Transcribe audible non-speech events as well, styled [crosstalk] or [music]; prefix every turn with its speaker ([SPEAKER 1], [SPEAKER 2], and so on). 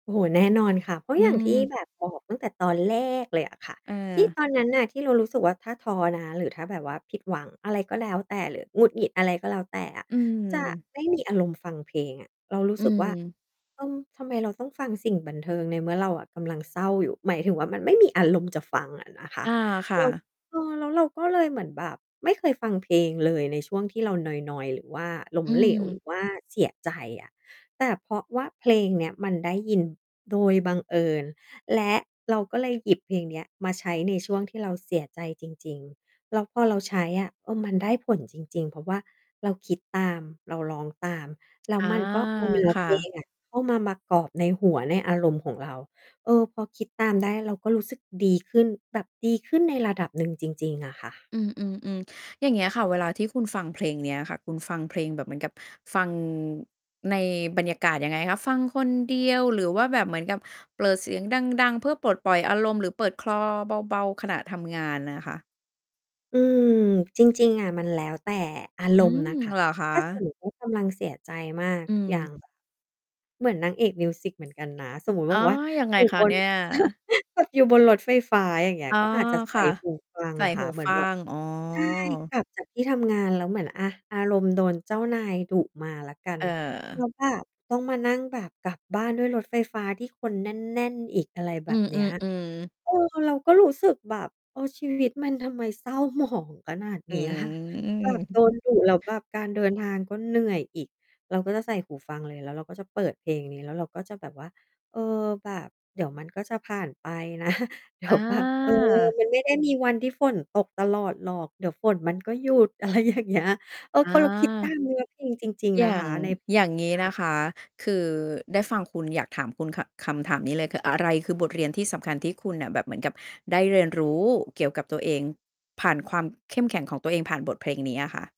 [SPEAKER 1] โอ้โฮ แน่นอนค่ะ เพราะ
[SPEAKER 2] อื
[SPEAKER 1] อย่างที่
[SPEAKER 2] ม
[SPEAKER 1] แบบบอกตั้งแต่ตอนแรกเลยอะค่ะ ที่
[SPEAKER 2] เออ
[SPEAKER 1] ตอนนั้นน่ะ ที่เรารู้สึกว่า ถ้าท้อนะ หรือถ้าแบบว่าผิดหวังอะไรก็แล้วแต่ หรือหงุดหงิดอะไรก็แล้วแต่อะ
[SPEAKER 2] อื
[SPEAKER 1] จะ
[SPEAKER 2] ม
[SPEAKER 1] ไม่มีอารมณ์ฟังเพลงอะ เรารู้
[SPEAKER 2] อื
[SPEAKER 1] สึกว่า
[SPEAKER 2] ม
[SPEAKER 1] เออ ทำไมเราต้องฟังสิ่งบันเทิงในเมื่อเราอะกำลังเศร้าอยู่ หมายถึงว่ามันไม่มีอารมณ์จะฟังอะนะคะ
[SPEAKER 2] อา ค่
[SPEAKER 1] แล้ว
[SPEAKER 2] ะ
[SPEAKER 1] เออ แล้วเราก็เลยเลยเหมือนแบบไม่เคยฟังเพลงเลยในช่วงที่เรานอย ๆ หรือว่าล้
[SPEAKER 2] อ
[SPEAKER 1] ม
[SPEAKER 2] ื
[SPEAKER 1] เหลว หรื
[SPEAKER 2] ม
[SPEAKER 1] อว่าเสียใจอะ แต่เพราะว่าเพลงเนี้ยมันได้ยินโดยบังเอิญ และเราก็เลยหยิบเพลงเนี้ยมาใช้ในช่วงที่เราเสียใจจริง ๆ แล้วพอเราใช้อะ เออ มันได้ผลจริง ๆ เพราะว่าเราคิดตาม เราร้องตาม แล้ว
[SPEAKER 2] อา
[SPEAKER 1] มันก็ เอาเนื้อ
[SPEAKER 2] ค
[SPEAKER 1] เ
[SPEAKER 2] ่
[SPEAKER 1] พล
[SPEAKER 2] ะ
[SPEAKER 1] งอะ เข้ามามากรอบในหัว ในอารมณ์ของเรา เออ พอคิดตาม ได้ เราก็รู้สึกดีขึ้นแบบดีขึ้นในระดับหนึ่งจริง ๆ อะค่ะ
[SPEAKER 2] อืม ๆ ๆ อย่างเงี้ยค่ะ เวลาที่คุณฟังเพลงเนี้ยค่ะ คุณฟังเพลงแบบ เหมือนกับฟังในบรรยากาศยังไงคะ ฟังคนเดียว หรือว่าแบบเหมือนกับเปิดเสียง ดัง ๆ เพื่อปลดปล่อยอารมณ์ หรือเปิดคลอเบา ๆ ขณะทำงานอะค่ะ?
[SPEAKER 1] อืม จริง ๆ อะ มันแล้วแต่อาร
[SPEAKER 2] อื
[SPEAKER 1] มณ์
[SPEAKER 2] ม
[SPEAKER 1] นะคะ
[SPEAKER 2] เหรอคะ?
[SPEAKER 1] ถ้าสมมติว่า กำลังเสียใจมาก
[SPEAKER 2] อื
[SPEAKER 1] อย่าง
[SPEAKER 2] ม
[SPEAKER 1] เหมือนนางเอกมิวสิกเหมือนกันนะ สมมุติว
[SPEAKER 2] อ
[SPEAKER 1] ่า
[SPEAKER 2] ๋อ
[SPEAKER 1] แบบว่า
[SPEAKER 2] ยังไง
[SPEAKER 1] อยู่
[SPEAKER 2] ค
[SPEAKER 1] บ
[SPEAKER 2] ะเ
[SPEAKER 1] น
[SPEAKER 2] นี่ย?
[SPEAKER 1] [laughs] อยู่บนรถไฟฟ้า อย่างเงี้
[SPEAKER 2] อ
[SPEAKER 1] ย
[SPEAKER 2] ๋อ
[SPEAKER 1] ก็อาจจะ ใส
[SPEAKER 2] ค
[SPEAKER 1] ่
[SPEAKER 2] ่ะ
[SPEAKER 1] หูฟัง
[SPEAKER 2] ใส่
[SPEAKER 1] อะค
[SPEAKER 2] ห
[SPEAKER 1] ่ะ
[SPEAKER 2] ู
[SPEAKER 1] เหมื
[SPEAKER 2] ฟ
[SPEAKER 1] อน
[SPEAKER 2] ั
[SPEAKER 1] แบบ
[SPEAKER 2] ง
[SPEAKER 1] ใ
[SPEAKER 2] อ๋
[SPEAKER 1] ช่ ก
[SPEAKER 2] อ
[SPEAKER 1] ลับจาก ที่ทำงานแล้วเหมือน อา อารมณ์โดนเจ้านายดุมาละกัน
[SPEAKER 2] เ
[SPEAKER 1] แล
[SPEAKER 2] อ
[SPEAKER 1] ้
[SPEAKER 2] อ
[SPEAKER 1] วแบบต้องมานั่งแบบกลับบ้านด้วยรถไฟฟ้าที่คนแน่น ๆ อีก อะไรแบ
[SPEAKER 2] อื
[SPEAKER 1] บเนี้ย
[SPEAKER 2] อ ๆ ๆ
[SPEAKER 1] เออ เราก็รู้สึกแบบ เออ ชีวิต มันทำไมเศร้า หมอง ขนาด
[SPEAKER 2] อื
[SPEAKER 1] เนี้ย แบบโด
[SPEAKER 2] ม
[SPEAKER 1] นดุ แล้วแบบการเดินทางก็เหนื่อยอีก เราก็จะใส่หูฟังเลย แล้วเราก็จะเปิดเพลงนี้ แล้วเราก็จะแบบว่า เออ แบบเดี๋ยวมันก็จะผ่านไป นะ เดี๋
[SPEAKER 2] อ
[SPEAKER 1] ยวแบบ เออ
[SPEAKER 2] า
[SPEAKER 1] มันไม่ได้มีวันที่ฝนตกตลอดหรอก เดี๋ยวฝน มันก็หยุด อะไรอย่างเงี้ย เออ
[SPEAKER 2] อ
[SPEAKER 1] พ
[SPEAKER 2] า
[SPEAKER 1] อเราคิดตาม เนื้อ เพลงจริง
[SPEAKER 2] อ
[SPEAKER 1] ๆ
[SPEAKER 2] ย
[SPEAKER 1] นะ
[SPEAKER 2] ่า
[SPEAKER 1] ค
[SPEAKER 2] ง
[SPEAKER 1] ะ ใน [unintelligible] เ
[SPEAKER 2] อย่าง
[SPEAKER 1] น
[SPEAKER 2] งี้
[SPEAKER 1] ี้
[SPEAKER 2] น
[SPEAKER 1] ย
[SPEAKER 2] ะคะ คือได้ฟังคุณ อยากถาม คุณค่ะ คำถามนี้เลยค่ะ อะไร คือบทเรียนที่สำคัญที่คุณน่ะแบบเหมือนกับได้เรียนรู้เกี่ยวกับตัวเองผ่านความเข้มแข็งของตัวเองผ่านบทเพลงนี้อะค่ะ?